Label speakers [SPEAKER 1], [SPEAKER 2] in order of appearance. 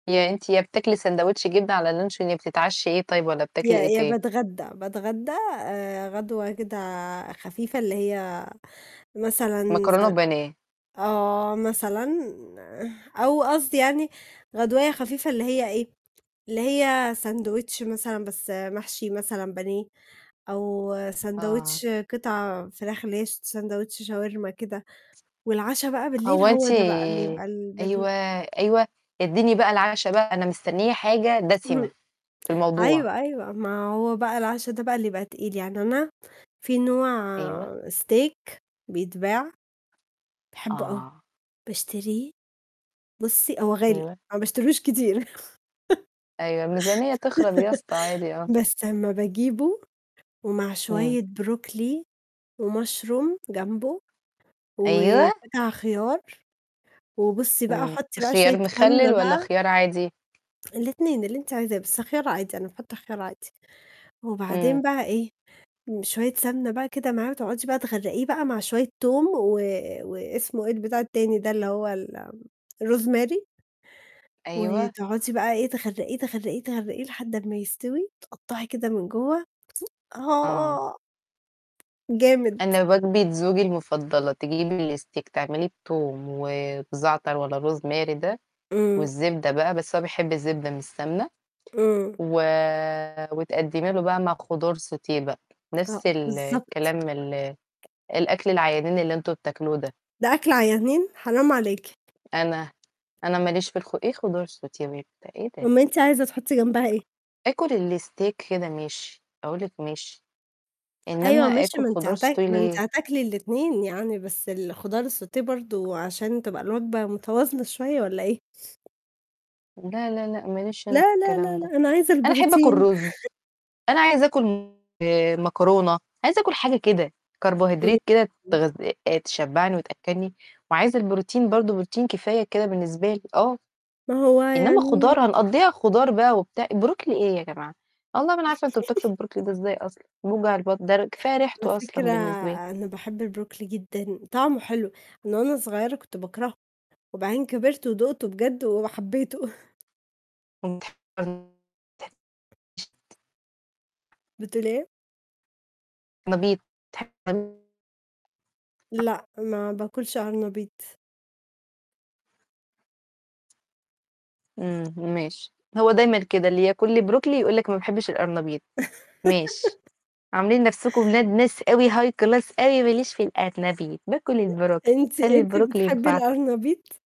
[SPEAKER 1] يا أنتِ يا بتاكلي ساندوتش جبنة على لنشون، يا بتتعشي إيه طيب والّا
[SPEAKER 2] يا
[SPEAKER 1] بتاكلي إيه
[SPEAKER 2] يا
[SPEAKER 1] تاني؟
[SPEAKER 2] باتغدى، باتغدى آآ غدوة كده خفيفة، اللي هي مثلًا س
[SPEAKER 1] مكرونة وبانيه.
[SPEAKER 2] آه، مثلًا، أو قصدي يعني غدواية خفيفة، اللي هي إيه، اللي هي ساندويتش مثلًا بس محشي مثلًا بانيه، أو
[SPEAKER 1] آه.
[SPEAKER 2] ساندويتش قطع فراخ اللي هي س ساندوتش شاورما كده، والعَشا بقى بالليل
[SPEAKER 1] هو
[SPEAKER 2] هو
[SPEAKER 1] أنتِ
[SPEAKER 2] ده بقى اللي يبقى
[SPEAKER 1] أيوه،
[SPEAKER 2] البانيه.
[SPEAKER 1] أيوه، ادّيني بقى العَشا بقى، أنا مستنية حاجة دسمة
[SPEAKER 2] اهم.
[SPEAKER 1] في الموضوع.
[SPEAKER 2] أيوه، أيوه، ما هو بقى العَشا ده بقى اللي يبقى تقيل، يعني أنا في نوع
[SPEAKER 1] أيوه.
[SPEAKER 2] Steak بيتباع، باحبه أوي،
[SPEAKER 1] آه.
[SPEAKER 2] باشتريه، بُصّي هو غالي،
[SPEAKER 1] أيوه.
[SPEAKER 2] ما باشتريهوش كتير.
[SPEAKER 1] أيوه، الميزانية تخرب يا اسطى عادي آه.
[SPEAKER 2] بس أمّا باجيبه، ومع
[SPEAKER 1] امم.
[SPEAKER 2] شوية بروكلي وMushroom جمبه،
[SPEAKER 1] أيوه.
[SPEAKER 2] وبتاع خيار، وبُصّي بقى
[SPEAKER 1] امم،
[SPEAKER 2] حطي بقى
[SPEAKER 1] خيار
[SPEAKER 2] شوية سمنة
[SPEAKER 1] مخلل والّا
[SPEAKER 2] بقى
[SPEAKER 1] خيار عادي؟
[SPEAKER 2] الاتنين، اللي أنتِ عايزاه، بس خيار عادي، أنا باحط خيار عادي.
[SPEAKER 1] إمم.
[SPEAKER 2] وبعدين بقى إيه، شوية سمنة بقى كده معاه وتقعدي بقى تغرّقيه بقى، مع شوية توم و واسمه إيه البتاع التاني ده اللي هو ال آمم الRosemary.
[SPEAKER 1] أيوه.
[SPEAKER 2] وتقعدي بقى إيه تغرّقيه، تغرقيه، تغرقيه لحد لمّا يستوي، تقطعي كده من جوّه
[SPEAKER 1] آه.
[SPEAKER 2] آه. جامد.
[SPEAKER 1] أنا وجبة زوجي المفضلة، تجيبي الSteak تعمليه بتوم وبزعتر والّا Rosemary ده،
[SPEAKER 2] امم.
[SPEAKER 1] والزبدة بقى، بس هو بيحب الزبدة مش سمنة،
[SPEAKER 2] امم.
[SPEAKER 1] و وتقدّمي له بقى مع خضار sauté بقى،
[SPEAKER 2] آه
[SPEAKER 1] نفْس ال
[SPEAKER 2] بالضبط.
[SPEAKER 1] الكلام، ال الأكل العيانين اللي أنتم بتاكلوه ده.
[SPEAKER 2] ده أكل عيانين! حرام عليكِ.
[SPEAKER 1] أنا أنا ما ليش في الخ إيه خضار sauté وبتاع، إيه ده؟!
[SPEAKER 2] أُمّال أنتِ عايزه تحطي جنبها إيه؟
[SPEAKER 1] آكل الSteak كده ماشي، أقول لِك ماشي، إنما
[SPEAKER 2] أيوه ماشي
[SPEAKER 1] آكل
[SPEAKER 2] ما أنتِ
[SPEAKER 1] خضار
[SPEAKER 2] هتا
[SPEAKER 1] sauté
[SPEAKER 2] ما أنتِ
[SPEAKER 1] ليه؟!
[SPEAKER 2] هتاكلي الاتنين يعني، بس الخضار الsauté برضه عشان تبقى الوجبة متوازنة شوية والّا إيه؟
[SPEAKER 1] لا، لا، لأ، ما ليش أنا في
[SPEAKER 2] لا، لا، لا،
[SPEAKER 1] الكلام ده،
[SPEAKER 2] لا، أنا عايزه
[SPEAKER 1] أنا أحب آكل
[SPEAKER 2] البروتين.
[SPEAKER 1] رز، أنا عايزه آكل، م آآ، مكرونة، عايزه آكل حاجة كده، Carbohydrate كده
[SPEAKER 2] امم،
[SPEAKER 1] تغذ تشبّعني وتأكّلني، وعايزه البروتين برضه، بروتين كفاية كده بالنسبة لي، آه،
[SPEAKER 2] ما هو
[SPEAKER 1] إنما خضار،
[SPEAKER 2] يعني
[SPEAKER 1] هنقضيها خضار بقى وبتاع، بروكلي إيه يا جماعة؟! والله ما أنا عارفة أنتم بتاكلوا البروكلي ده إزاي أصلًا؟! بيوجع البطن، ده ر كفاية
[SPEAKER 2] على
[SPEAKER 1] ريحته أصلًا
[SPEAKER 2] فكرة
[SPEAKER 1] بالنسبة لي.
[SPEAKER 2] أنا باحب البروكلي جدًا، طعمه حلو، من وأنا صغيّرة كنت باكرهه، وبعدين كبرت ودقته بجد وحبيته.
[SPEAKER 1] [unintelligible]
[SPEAKER 2] بتقولي إيه؟
[SPEAKER 1] ما بيت [unintelligible]
[SPEAKER 2] لأ، ما باكلش قرنبيط.
[SPEAKER 1] امم، ماشي، هو دايمًا كده اللي ياكل لي بروكلي يقول لِك ما باحبش الأرنبيط، ماشي، عاملين نفْسكم ولاد ناس أوي High Class أوي، ما ليش في القرنبيط، باكل البروكلي
[SPEAKER 2] أنتِ
[SPEAKER 1] خلّي
[SPEAKER 2] أنتِ
[SPEAKER 1] البروكلي
[SPEAKER 2] بتحبي
[SPEAKER 1] ينفعكم.
[SPEAKER 2] القرنبيط؟